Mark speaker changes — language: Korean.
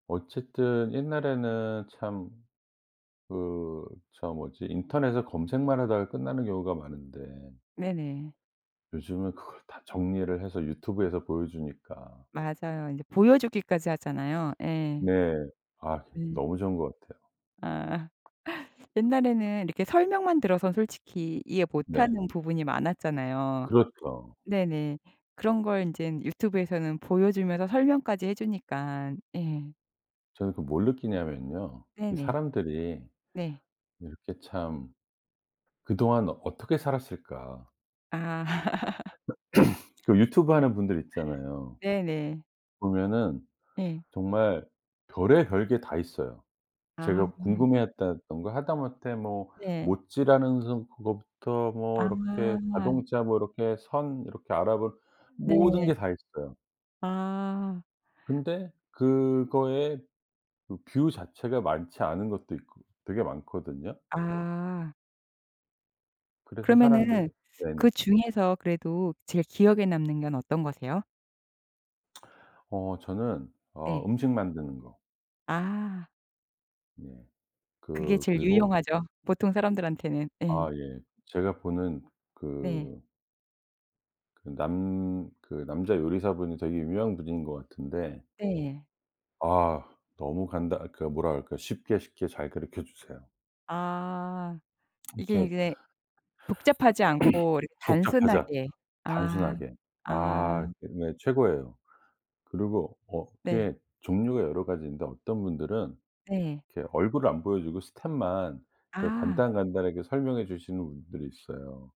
Speaker 1: 어쨌든 옛날에는 참 그 저 뭐지 인터넷에 검색만 하다가 끝나는 경우가 많은데
Speaker 2: 네네.
Speaker 1: 요즘은 그걸 다 정리를 해서 유튜브에서 보여주니까.
Speaker 2: 맞아요. 인제 보여주기까지 하잖아요. 예.
Speaker 1: 네. 아
Speaker 2: 네.
Speaker 1: 너무 좋은 것 같아요.
Speaker 2: 아. 옛날에는 이렇게 설명만 들어선 솔직히 이해 못
Speaker 1: 네.
Speaker 2: 하는 부분이 많았잖아요.
Speaker 1: 그렇죠.
Speaker 2: 네네. 그런 걸 인젠 유튜브에서는 보여주면서 설명까지 해주니깐. 예.
Speaker 1: 저는 그 뭘 느끼냐면요. '이
Speaker 2: 네네.
Speaker 1: 사람들이
Speaker 2: 네.
Speaker 1: 이렇게 참 그동안 어떻게 살았을까.'
Speaker 2: 아.
Speaker 1: 그 유튜브 하는 분들 있잖아요.
Speaker 2: 네네.
Speaker 1: 보면은
Speaker 2: 예.
Speaker 1: 정말 별의별 게 다 있어요.
Speaker 2: 아.
Speaker 1: 제가 궁금해했다던가 하다못해 뭐
Speaker 2: 네.
Speaker 1: 못질하는 서 그거부터 뭐 이렇게
Speaker 2: 아.
Speaker 1: 자동차 뭐 이렇게 선 이렇게 알아보는 모든
Speaker 2: 네.
Speaker 1: 게 다 있어요.
Speaker 2: 아.
Speaker 1: 근데 그거에 그 뷰 자체가 많지 않은 것도 있거 되게 많거든요.
Speaker 2: 아.
Speaker 1: 그래서 사람들이
Speaker 2: 그러면은
Speaker 1: 네네.
Speaker 2: 그 중에서 그래도 제일 기억에 남는 건 어떤 거세요?
Speaker 1: 어 저는 어
Speaker 2: 네.
Speaker 1: 음식 만드는 거.
Speaker 2: 아.
Speaker 1: 네.
Speaker 2: 그게
Speaker 1: 그
Speaker 2: 제일
Speaker 1: 그리고
Speaker 2: 유용하죠, 보통 사람들한테는.
Speaker 1: 아
Speaker 2: 예.
Speaker 1: 예. 제가 보는
Speaker 2: 네.
Speaker 1: 그 그 남 그 남자 요리사분이 되게 유명한 분인 것 같은데
Speaker 2: 네.
Speaker 1: 아 너무 간단 그 뭐라 그럴까. 쉽게 쉽게 잘 가르켜주세요.
Speaker 2: 아. 이게
Speaker 1: 이렇게
Speaker 2: 인제 복잡하지 않고 이렇게
Speaker 1: 복잡하자.
Speaker 2: 단순하게. 아.
Speaker 1: 단순하게.
Speaker 2: 아.
Speaker 1: 아 그 네 최고예요. 그리고 어
Speaker 2: 네.
Speaker 1: 그게 종류가 여러 가지 있는데 어떤 분들은
Speaker 2: 네.
Speaker 1: 이렇게 얼굴을 안 보여주고 스텝만 되게
Speaker 2: 아.
Speaker 1: 간단, 간단하게 설명해 주시는 분들이 있어요.